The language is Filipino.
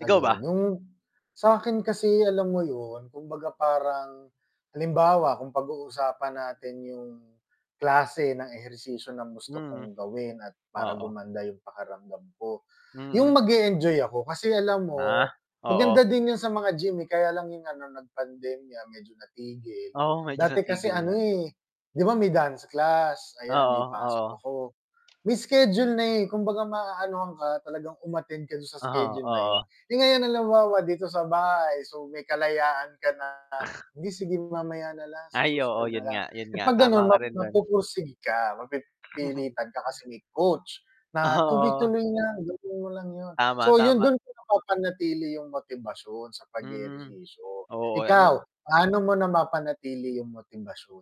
Ikaw Ayun. ba? Yung sa'kin kasi alam mo yun, kumbaga parang halimbawa kung pag-uusapan natin yung klase ng ehersisyo na gusto Mhm. kong gawin at para Oo. gumanda yung pakiramdam ko, Mm. yung mag-e-enjoy ako kasi alam Ah, mo oo. maganda din yun sa mga gym, eh, kaya lang yung ano, nag-pandemya medyo natigil. Oo, medyo Dati kasi natigil ano, nga. eh, 'di ba may dance class, ayan, Oo, 'di pasok oo. ako. May schedule na, eh, kumbaga maanuhan ka, talagang um-attend ka dun sa Ah, schedule na yun. oo. Eh, ngayon halimbawa dito sa bahay, so may kalayaan ka na, "Hindi, sige mamaya na lang, sa Ay oo susunod na yun lang." nga, yun Eh, nga, 'pag tama gano'n ka map rin do'n. magpoporsige ka, mapipilitan ka kasi may coach na Oo. tuloy-tuloy lang, gawin mo lang yun. Tama, So, yun tama dun ko napapanatili yung motibasyon sa Hmm. pag-ehersisyo. Oo, Ikaw, an [unintelligible] paano mo napapanatili yung motibasyon?